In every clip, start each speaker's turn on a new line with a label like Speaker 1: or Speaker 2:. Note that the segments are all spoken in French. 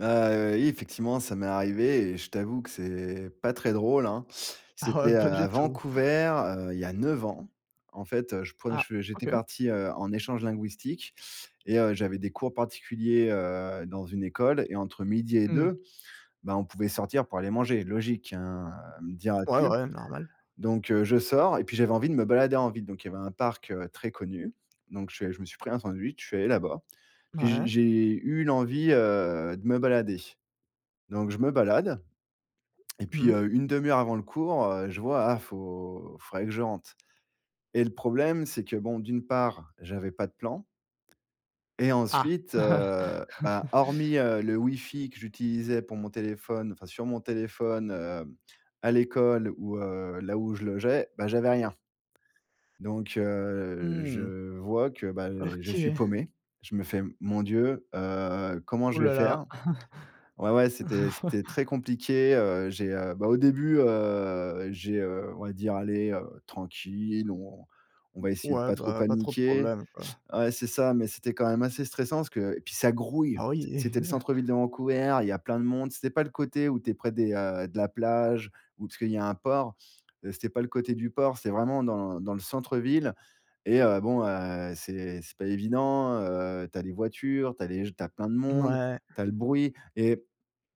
Speaker 1: Heu, oui effectivement, ça m'est arrivé et je t'avoue que c'est pas très drôle, hein.
Speaker 2: Ah ouais,
Speaker 1: C'était, heu,
Speaker 2: pas du
Speaker 1: à
Speaker 2: tout.
Speaker 1: Vancouver, heu, il y a 9 ans. En fait, heu, je prenais,
Speaker 2: Ah,
Speaker 1: je j'étais
Speaker 2: OK.
Speaker 1: parti, heu, en échange linguistique et heu, j'avais des cours particuliers, heu, dans une école et entre 12:00 et
Speaker 2: Mmh.
Speaker 1: 2, bah on pouvait sortir pour aller manger. Logique, hein, heu,
Speaker 2: Ouais,
Speaker 1: diras-tu
Speaker 2: ouais, normal.
Speaker 1: donc heu, je sors et puis j'avais envie de me balader en ville. Donc, il y avait un parc, heu, très connu. Donc, je je me suis pris un sandwich, je suis allé là-bas. Puis, j
Speaker 2: Mouais.
Speaker 1: j'ai eu l'envie, heu, de me balader. Donc, je me balade et puis,
Speaker 2: Mmh.
Speaker 1: heu, une 1/2 avant le cours, heu, je vois: «Ah faut faudrait que je rentre». Et le problème, c'est que bon d'une part, j'avais pas de plan et
Speaker 2: Ah.
Speaker 1: ensuite, heu, bah, hormis, heu, le wifi que j'utilisais pour mon téléphone, enfin sur mon téléphone, hem, à l'école ou, heu, là où je logeais, bah j'avais rien. Donc heu,
Speaker 2: Mmh.
Speaker 1: je vois que bah, je suis
Speaker 2: OK.
Speaker 1: paumé. Je me fais: «Mon Dieu, heu, comment
Speaker 2: Ouh
Speaker 1: je vais
Speaker 2: là là.
Speaker 1: faire?» Ouais, ouais, c'était c'était très compliqué, heu, j'ai, heu, bah au début, heu, j'ai, heu, on va dire: «Allez, heu, tranquille, on on va essayer de
Speaker 2: Mouais,
Speaker 1: pas trop
Speaker 2: bah pas trop de
Speaker 1: paniquer»
Speaker 2: problème, quoi.
Speaker 1: ouais c'est ça, mais c'était quand même assez stressant, parce que et puis ça grouille.
Speaker 2: Ah
Speaker 1: C
Speaker 2: oui et
Speaker 1: c'était le centre-ville de Vancouver, il y a plein de monde, c'était pas le côté où tu es près des, heu, de la plage, ou, parce qu'il y a un port. Heu, c'était pas le côté du port, c'est vraiment dans dans le centre-ville et heu, bon, heu, c'est c'est pas évident, heu, tu as les voitures, tu as les g tu as plein de monde,
Speaker 2: Mouais.
Speaker 1: tu as le bruit et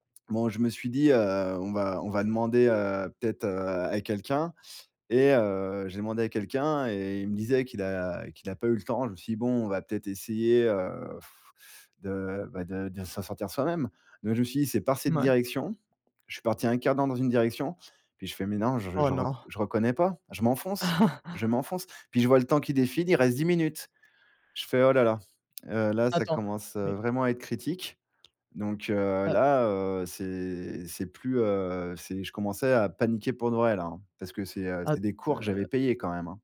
Speaker 1: bon, je me suis dit, heu: «On va on va demander, heu, peut-être, heu, à quelqu'un» et heu, j'ai demandé à quelqu'un et il me disait qu'il a qu'il a pas eu le temps. Je me suis dit, bon, on va peut-être essayer, heu, de bah, de de s'en sortir soi-même, mais je me suis dit: «c'est par
Speaker 2: Mmh
Speaker 1: cette
Speaker 2: oui.
Speaker 1: direction». Je suis parti un 1/4 dans une direction puis, je fais: «Mais non, je
Speaker 2: Oh
Speaker 1: je rec
Speaker 2: non.
Speaker 1: je reconnais pas. Je m'enfonce, je m'enfonce». Puis, je vois le temps qui défile. Il reste 10 minutes. Je fais: «Oh là là, heu, là, ça
Speaker 2: Attends,
Speaker 1: commence, heu,
Speaker 2: mais
Speaker 1: vraiment à être critique». Donc heu,
Speaker 2: Ah
Speaker 1: là, heu, c'est c'est plus, heu c'est je commençais à paniquer pour de vrai là, hein. Parce que c'est, heu
Speaker 2: At
Speaker 1: c'est des cours que j'avais
Speaker 2: heu
Speaker 1: payés quand même, hein.